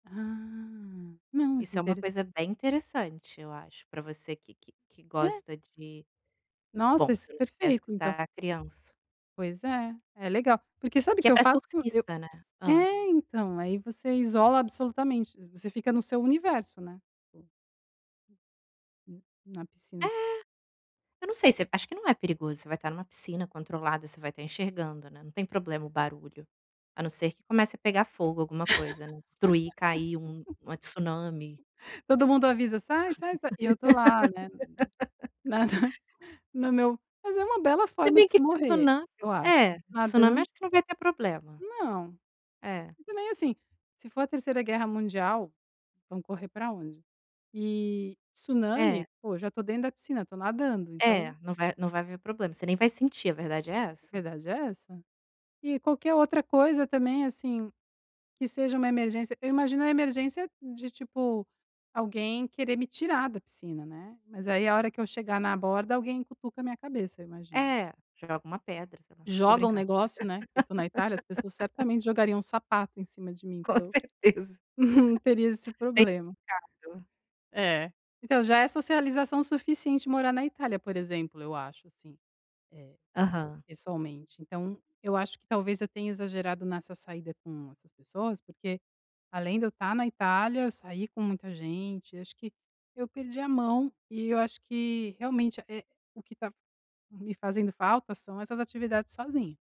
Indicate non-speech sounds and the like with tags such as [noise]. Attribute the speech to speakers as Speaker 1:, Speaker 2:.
Speaker 1: Ah, não, isso
Speaker 2: Isso é uma
Speaker 1: inter
Speaker 2: coisa bem interessante, eu acho, para você que que que
Speaker 1: É.
Speaker 2: gosta de
Speaker 1: Nossa,
Speaker 2: bom,
Speaker 1: isso
Speaker 2: você
Speaker 1: é
Speaker 2: não quer
Speaker 1: perfeito, então.
Speaker 2: escutar criança.
Speaker 1: Pois é, é legal. Porque sabe o
Speaker 2: Que é
Speaker 1: eu
Speaker 2: para
Speaker 1: faço? Eu
Speaker 2: surfista, né? Hã.
Speaker 1: é, então, aí você isola absolutamente, você fica no seu universo, né. [unintelligible] Na
Speaker 2: É,
Speaker 1: piscina.
Speaker 2: eu não sei se acho que não é perigoso, você vai estar em uma piscina controlada, você vai estar enxergando, né, não tem problema o barulho. A não ser que comece a pegar fogo, alguma coisa, né, destruir, cair um uma tsunami.
Speaker 1: [laughs] Todo mundo avisa: "Sai, sai, sai." E eu estou lá, né, nada
Speaker 2: [laughs]
Speaker 1: [chuckles] no meu mas é uma bela
Speaker 2: Se
Speaker 1: forma
Speaker 2: bem
Speaker 1: de se
Speaker 2: que
Speaker 1: morrer,
Speaker 2: tsunami,
Speaker 1: eu acho,
Speaker 2: é, tsunami
Speaker 1: nadando.
Speaker 2: acho que não vai ter problema.
Speaker 1: Não.
Speaker 2: É.
Speaker 1: E também, assim, se for a 3ª guerra mundial, vamos correr para onde? E,
Speaker 2: É.
Speaker 1: tsunami, pô, já estou dentro da piscina, estou nadando,
Speaker 2: É,
Speaker 1: então
Speaker 2: não vai não vai haver problema, você nem vai sentir, a verdade é
Speaker 1: a
Speaker 2: essa.
Speaker 1: verdade é essa. E qualquer outra coisa, também, assim, que seja uma emergência, eu imagino a emergência de, tipo, alguém querer me tirar da piscina, né. Mas aí, a hora que eu chegar na borda, alguém cutuca a minha cabeça, eu imagino.
Speaker 2: É, joga uma pedra, sei lá, tô
Speaker 1: Joga um
Speaker 2: brincando.
Speaker 1: negócio, né. Porque eu tô na Itália, as pessoas
Speaker 2: [laughs]
Speaker 1: certamente jogariam um sapato em cima de mim
Speaker 2: Com
Speaker 1: para eu
Speaker 2: certeza.
Speaker 1: [giggles] não teria esse
Speaker 2: Bem
Speaker 1: problema.
Speaker 2: delicado.
Speaker 1: É. Então, já é socialização suficiente morar na Itália, por exemplo, eu acho, assim, eh,
Speaker 2: Aham.
Speaker 1: pessoalmente. Então, eu acho que talvez eu tenha exagerado nessa saída com essas pessoas, porque além de eu estar na Itália, eu saí com muita gente. Acho que eu perdi a mão e eu acho que, realmente, eh, o que tá me fazendo falta são essas atividades sozinha.